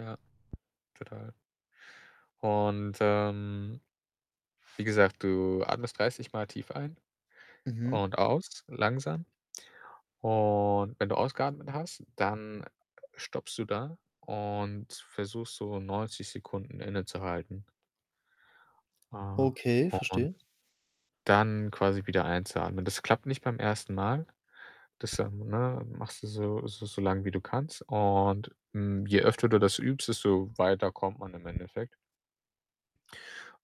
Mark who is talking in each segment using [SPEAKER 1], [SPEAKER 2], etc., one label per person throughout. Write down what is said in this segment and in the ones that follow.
[SPEAKER 1] Ja, total. Und, ähm, wie gesagt, du atmest dreißigmal tief ein
[SPEAKER 2] Mhm.
[SPEAKER 1] und aus langsam. Und wenn du ausgeatmet hast, dann [unintelligible] stoppst du da und versuchst so 90 Sekunden innezuhalten. Äh,
[SPEAKER 2] Okay,
[SPEAKER 1] und
[SPEAKER 2] verstehe.
[SPEAKER 1] dann quasi wieder einzuatmen. Das klappt nicht beim 1. Mal. Das, ähm, ne, machst du so so so lang, wie du kannst. Und, hm, je öfter du das übst, desto weiter kommt man im Endeffekt.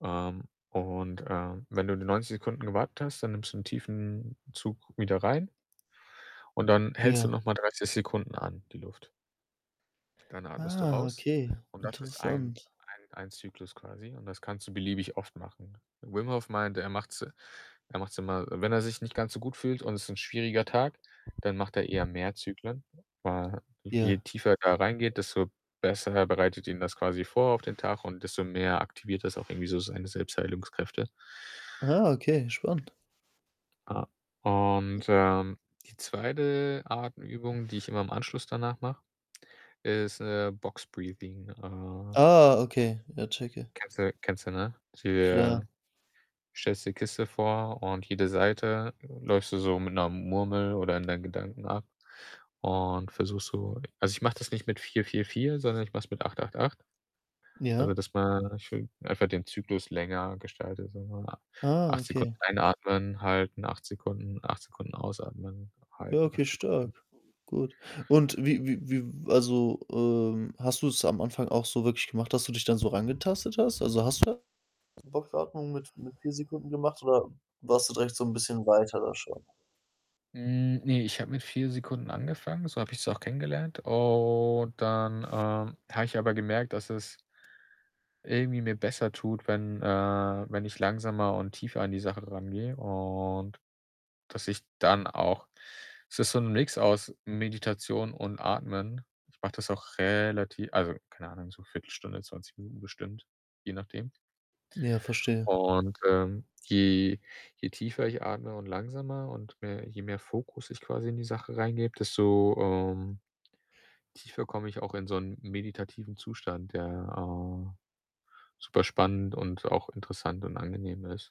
[SPEAKER 1] Ähm, und, äh, wenn du die 90 Sekunden gewartet hast, dann nimmst du 'n tiefen Zug wieder rein und dann hältst du
[SPEAKER 2] Ja.
[SPEAKER 1] noch mal 30 Sekunden an, die Luft. Dann atmest du
[SPEAKER 2] Ah,
[SPEAKER 1] aus.
[SPEAKER 2] okay,
[SPEAKER 1] Und das ist
[SPEAKER 2] interessant.
[SPEAKER 1] 1- 1- 1 Zyklus quasi. Und das kannst du beliebig oft machen. Wim Hof meinte, er macht's er macht's immer wenn er sich nicht ganz so gut fühlt und ist 'n schwieriger Tag, dann macht er eher mehr Zyklen. Weil je
[SPEAKER 2] Ja.
[SPEAKER 1] tiefer er reingeht, desto besser bereitet ihn das quasi vor auf den Tag und desto mehr aktiviert das auch irgendwie so seine Selbstheilungskräfte.
[SPEAKER 2] Ah, okay, spannend.
[SPEAKER 1] Ah.
[SPEAKER 2] [unintelligible]
[SPEAKER 1] Und, ähm, die 2. Atemübung, die ich immer im Anschluss danach mache, ist, äh „Boxbreathing“, ah
[SPEAKER 2] Ah, okay, ja, checke.
[SPEAKER 1] Kennst du kennst du, ne?
[SPEAKER 2] Klar.
[SPEAKER 1] Der stellst dir 'ne Kiste vor und jede Seite läufst du so mit 'ner Murmel oder in deinen Gedanken ab und versuchst so also, ich mache das nicht mit 4, 4, 4, sondern ich mache es mit 8, 8, 8. Also,
[SPEAKER 2] Ja.
[SPEAKER 1] dass man schön einfach den Zyklus länger gestaltet, sage ich mal.
[SPEAKER 2] Ah,
[SPEAKER 1] 8 Sekunden
[SPEAKER 2] okay.
[SPEAKER 1] einatmen, halten, 8 Sekunden 8 Sekunden ausatmen,
[SPEAKER 2] Ja,
[SPEAKER 1] halten,
[SPEAKER 2] okay,
[SPEAKER 1] 8 Sekunden
[SPEAKER 2] stark. Gut. Und wie wie wie w also, ähm, hast du es am Anfang auch so wirklich gemacht, dass du dich dann so rangetastet hast? Also, hast du da so Boxatmungen mit mit 4 Sekunden gemacht oder warst du direkt so 'n bisschen weiter da schon?
[SPEAKER 1] Hm, ne, ich habe mit 4 Sekunden angefangen, so habe ich es auch kennengelernt. Und dann, ähm, habe ich aber gemerkt, dass es irgendwie mir besser tut, wenn äh, wenn ich langsamer und tiefer an die Sache rangehe. Und dass ich dann auch es ist so 'n Mix aus Meditation und Atmen. Ich mache das auch relativ also, keine Ahnung, so 1/4 Stunde, 20 Minuten bestimmt, je nachdem.
[SPEAKER 2] Ja, verstehe.
[SPEAKER 1] Und, ähm, je je tiefer ich atme und langsamer und mehr je mehr Fokus ich quasi in die Sache reingebe, desto, ähm, tiefer komme ich auch in so 'n meditativen Zustand, der, äh, super spannend und auch interessant und angenehm ist.